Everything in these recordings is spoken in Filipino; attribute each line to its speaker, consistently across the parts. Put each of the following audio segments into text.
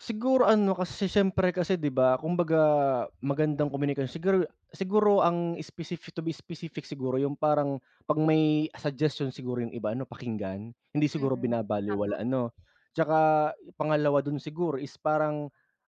Speaker 1: Siguro ano kasi siyempre kasi 'di ba, kumbaga magandang komunikasyon siguro siguro ang specific, to be specific siguro yung parang pag may suggestion siguro yung iba ano pakinggan, hindi
Speaker 2: Mm.
Speaker 1: siguro
Speaker 2: Tama.
Speaker 1: binabalewala, ano? Tsaka pangalawa dun siguro is parang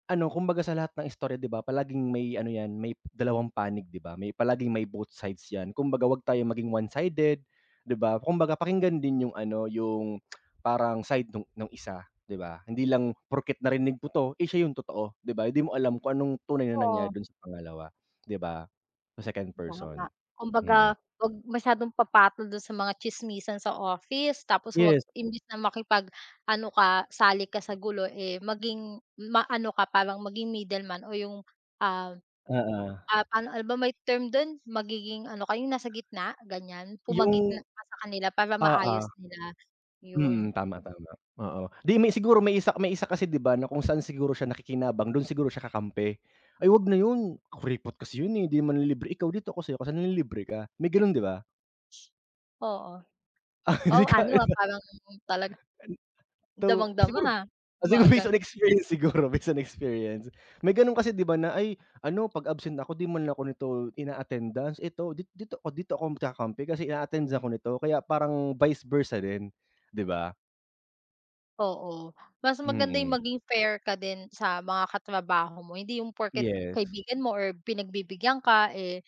Speaker 1: ano, kumbaga sa lahat ng istorya 'di ba palaging may ano yan may dalawang panig, 'di ba? May palaging may both sides yan. Kumbaga wag tayo maging one-sided, 'di ba? Kumbaga pakinggan din yung ano yung parang side nu nung ng isa, 'di ba? Hindi lang porket narinig mo 'to, eh siya yung totoo, 'di ba, hindi mo alam kung anong tunay na nangyari
Speaker 2: Oo.
Speaker 1: dun sa pangalawa, 'di ba? Sa second person.
Speaker 2: Tama,
Speaker 1: Mhm.
Speaker 2: kumbaga huwag masyadong papatol dun sa mga tsismisan sa office tapos huwag
Speaker 1: Yes.
Speaker 2: imbes na makipag-ano ka sali ka sa gulo, eh, maging maano ka parang maging middleman o yung, ah,
Speaker 1: Oo.
Speaker 2: ah, ano, ano ba may term dun, magiging ano ka yung nasa gitna? Ganyan,
Speaker 1: Yung
Speaker 2: pumagitna ka sa kanila para
Speaker 1: oo.
Speaker 2: maayos nila. Yun.
Speaker 1: Mhm, tama, tama. Oo, 'di may siguro may isa may isa kasi 'di ba na kung saan siguro siya nakikinabang dun siguro siya kakampi. "Ay huwag na yun kuripot kasi yun, eh, di manlilibre ikaw dito ako sa'yo kasi nanlilibre ka." May ganun 'di ba?
Speaker 2: Oo. Wow, ano, ah, parang talaga
Speaker 1: [unintelligible] In though, siguro,
Speaker 2: damang-dama,
Speaker 1: siguro
Speaker 2: mga
Speaker 1: based on
Speaker 2: gano'n.
Speaker 1: experience siguro based on experience. May ganun kasi 'di ba na "Ay ano pag absent ako di man ako nito ina-attendance ito dit dito, dito ako magkakampi kasi ina-attendance ako nito." Kaya parang vice versa rin, 'di ba?
Speaker 2: Oo. Mas maganda yung
Speaker 1: Mm.
Speaker 2: maging fair ka din sa mga katrabaho mo, hindi yung porket
Speaker 1: Yes.
Speaker 2: kaibigan mo or pinagbibigyan ka, eh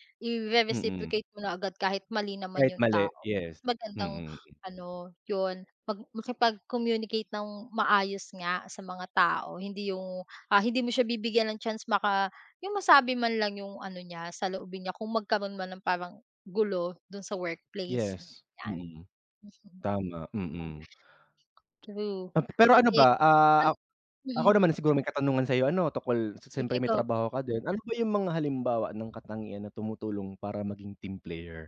Speaker 1: Mm.
Speaker 2: ire-reciprocate mo na agad kahit mali naman
Speaker 1: Kahit
Speaker 2: yung
Speaker 1: mali,
Speaker 2: tao.
Speaker 1: yes.
Speaker 2: Magandang
Speaker 1: Mm.
Speaker 2: ano, yun, mag makipag-communicate nang maayos nga sa mga tao hindi yung, ah, hindi mo siya bibigyan ng chance maka yung masabi man lang yung ano niya saloobin niya kung magkaro'n man ng parang gulo dun sa workplace.
Speaker 1: Yes,
Speaker 2: 'Yan,
Speaker 1: mm.
Speaker 2: mm. [unintelligible]
Speaker 1: Tama, mm.
Speaker 2: True.
Speaker 1: Ah, pero ano
Speaker 2: Ye
Speaker 1: ba
Speaker 2: an
Speaker 1: ah, ak ako
Speaker 2: mhm.
Speaker 1: naman siguro may katanungan sa'yo ano tungkol si siyempre
Speaker 2: Sige
Speaker 1: may
Speaker 2: go.
Speaker 1: trabaho ka din, ano ba yung mga halimbawa ng katangian na tumutulong para maging team player?